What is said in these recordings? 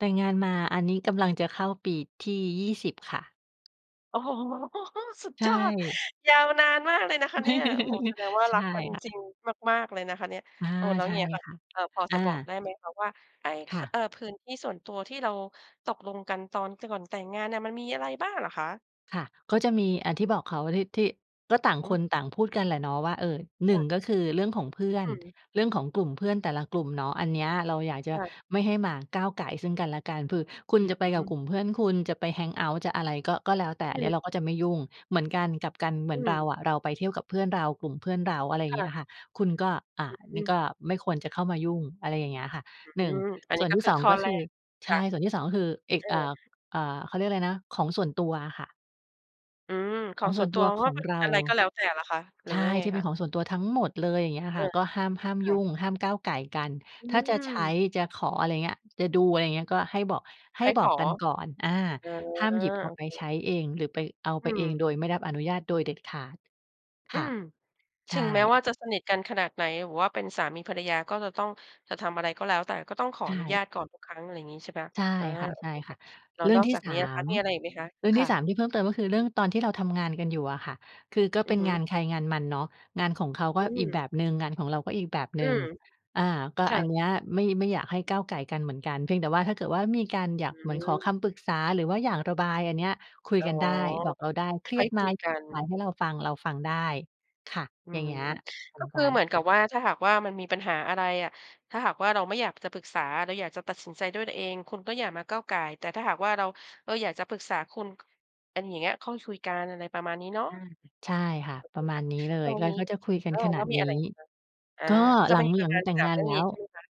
แต่งงานมาอันนี้กำลังจะเข้าปีที่ 20 ค่ะ โอ้โฮ! สุดใชยอด่ ยาวนานมากเลยนะคะเนี่ย โอ้โฮ แสดงว่าใชรัก่กันค่ะ จริงมาก ๆ เลยนะคะเนี่ย อา โอ้ แล้วใช่เงี้ยค่ะ ค่ะ เอ่อ พออจะา บอกได้ไหมคะว่า ไอ้ ค่เอะ ่อ พื้นที่ส่วนตัวที่เราตกลงกันตอนก่อนแต่งงานเนี่ย มันมีอะไรบ้างเหรอคะ? ค่ะ ก็จะมีอันที่บอกเขา ที่ ที่ ก็ต่างอืคม นต่างพูดกันแหละเนาะว่า เออ หนคึ่่ง ะ ก็คือเรื่องของเพื่ออืน ม เรื่องของกลุ่มเพื่อนแต่ละกลุ่มเนาะ อันเนี้ยเราอยากจคะ่ะ ไม่ให้มาก้าวก่ายซึ่งกันและกัน คือคุณอืจะไปกับม กลุ่มเพื่อน คุณจะไป แฮงเอาต์ จะอะไรก็ ก็แล้วแต่ ออืันเนีม ้ยเราก็จะไม่ยุ่ง เหมือนกัน กลับกัน เหมอืือนเราม อะ เราไปเที่ยวกับเพื่อนเรา กลุ่มเพื่อนเรา อะไรอย่คาง่งี้ะ อะค่ะ คุณก็ อ่า อนืี่กม ็ไม่ควรจะเข้ามายุ่ง อะไรอย่างเงี้ยค่ะ อหนืึ่ง ม อันสนี่้วนก็ที่ คืสออง ข้อก็แรคือ ก ใคช่ะ ่ ส่วนที่ 2 ก็คือ เอเก ออ อ่า อ่า เขาเรียกอะไรนะ ของส่วนตัวอะค่ะ อืม ขขอองงสส่่ววนนตตััววขว่าองเป็นเรา อะไรก็แล้วแต่เหรอคะ หรืใอชว่า่ ยังไงที่เคป็นะ? ของส่วนตัวทั้งหมดเลย อย่างเงี้ยเอค่อ ะ ก็ห้าม ห้ามคยุ่ะ ่ง ห้ามก้าวก่ายกัน อืถ้าจะใช้ ม จะขอ อะไรอย่างเงี้ย จะดู อะไรเงี้ย ก็ให้บอก ใหให้้บขอกอ กันก่อน อา เออ ห้ามหยิบเอโาอไปเค ใช้เองหรือไป เอาอไืปเองม โดยไม่รับอนุญาตโดยเด็ดขาด อคื่ะ ม ถใชึงแม้ว่่ าจะสนิทกันขนาดไหน หรือว่าเป็นสามีภรรยา ก็จะต้อง จะทำอะไรก็แล้วแต่ ก็ต้องขอใชอนุญ่ าตก่อนทุกครั้ง อะไรอย่างงี้ ใช่เปล่า? ใช่อ่า คโอเคค่่ะ ะ แล้ๆ วเรื่อนงอกทีจ่ ากสานี้อะคม ะ มีอะไรอีกไหมคะ? เรื่องคท่ีะ ่ 3 ที่เพิ่มเติม ก็คือเรื่องตอนที่เราทำงานกันอยู่อะค่ะ คือก็อเืป็อนฮึ งานใครงานมันเนาะ งานของเขากอ็ือีกม แบบหนึ่ง งานของเราก็อีกแบบหอนืึ่ง ม อ่า ก็คอ่ันะ เนี้ยไม่ ไม่อยากให้ก้าวก่ายกันเหมือนกัน เพียงแต่ว่าถ้าเกิดว่า มีการอยาอกืเหมือนขอม คำปรึกษาหรือว่าอยากระบาย อันเนี้ยคุยอ๋อ กันได้ บอกเราได้ เครใีห้ยดคมุายกัระบน ายให้เราฟัง เราฟังได้ ค่ะ อือย่างม เงี้ย เหมืก็อนคกืัอเน หมือนกับว่า ถ้าหากว่ามันมีปัญหาอะไรอะ ถ้าหากว่าเราไม่อยากจะปรึกษา เราอยากจะตัดสินใจด้วยตัวเอง คุณก็อย่ามาก้าวก่าย แต่ถ้าหากว่าเรา เราอยากจะปรึกษาคุณ ก อันเนี้ยค่อยคุย กัน อะไรประมาณนี้เนาอะ า ใช่ค่ะ โอเปคระมคา่ณะ นี้เลแล้ย วอย่กา็ งงี้ ก็จะคุยกัเอนอ ขแนลา้วดมีนอีั้ นไหนอีกคะ? อา ก็จหะลัมง ีปหรลัะงมาณ แต่สงางม าเนรื่อแงล้นี้ว ใช่ไหมคะ?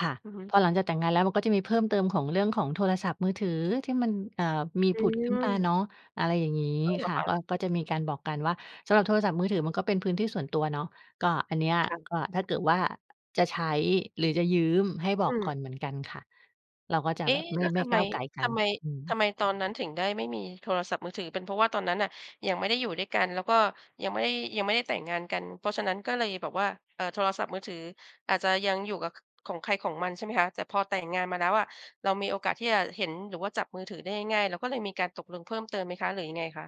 ค่ะ อือฮึ พอหลังจากแต่งงานแล้ว มันก็จะมีเพิ่มเติมของเรื่องของโทรศัพท์มือถือที่มัน เอ่อ มีอผุดขึ้นมาืม เนาะ อะไรอย่างงี้อ้าว เหรคอ่ะ คะ? ก็ ก็จะมีการบอกกันว่า สำหรับโทรศัพท์มือถือมันก็เป็นพื้นที่ส่วนตัวเนาะ ก็อันเนี้ย ค่ะ ก็ถ้าเกิดว่าจะใช้หรือจะยืมให้บออืกก่อม นเหมือนกันค่ะ เราก็จะเอ๊ แบบไมแล่ ้วไมท่ำไกม ้าวก่ายกัทน ำไม อืทม ำไมตอนนั้นถึงได้ไม่มีโทรศัพท์มือถือ เป็นเพราะว่าตอนนั้นน่ะยังไม่ได้อยู่ด้วยกัน แล้วก็ยังไม่ ยังไม่ได้แต่งงานกัน เพราะฉะนั้นก็เลยแบบว่า เอ่อ โทรศัพท์มือถืออาจจะยังอยู่กับของใครของมันใช่ไหมคะ? แต่พอแต่งงานมาแล้วอะ เรามีโอกาสที่จะเห็นหรือว่าจับมือถือได้ง่าย ๆ เราก็เลยมีการตกลงเพิ่มเติมไหมคะ หรือยังไงคะ?